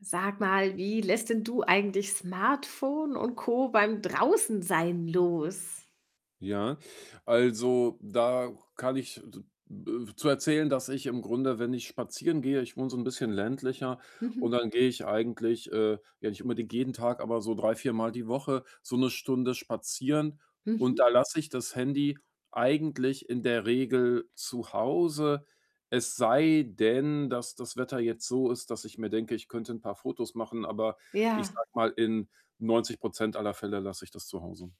Sag mal, wie lässt denn du eigentlich Smartphone und Co. beim draußen sein los? Ja, also, da kann ich [unintelligible] äh, zu erzählen, dass ich im Grunde, wenn ich spazieren gehe ich wohne so 'n bisschen ländlicher Mhm. und dann gehe ich eigentlich, äh ja, nicht unbedingt jeden Tag, aber so 3, 4, mal die Woche so 1 Stunde spazieren. Und Mhm. da lasse ich das Handy eigentlich in der Regel zu Hause. Es sei denn, dass das Wetter jetzt so ist, dass ich mir denke, ich könnte 'n paar Fotos machen, aber ich Ja. sage mal, in 90 % aller Fälle lasse ich das zu Hause.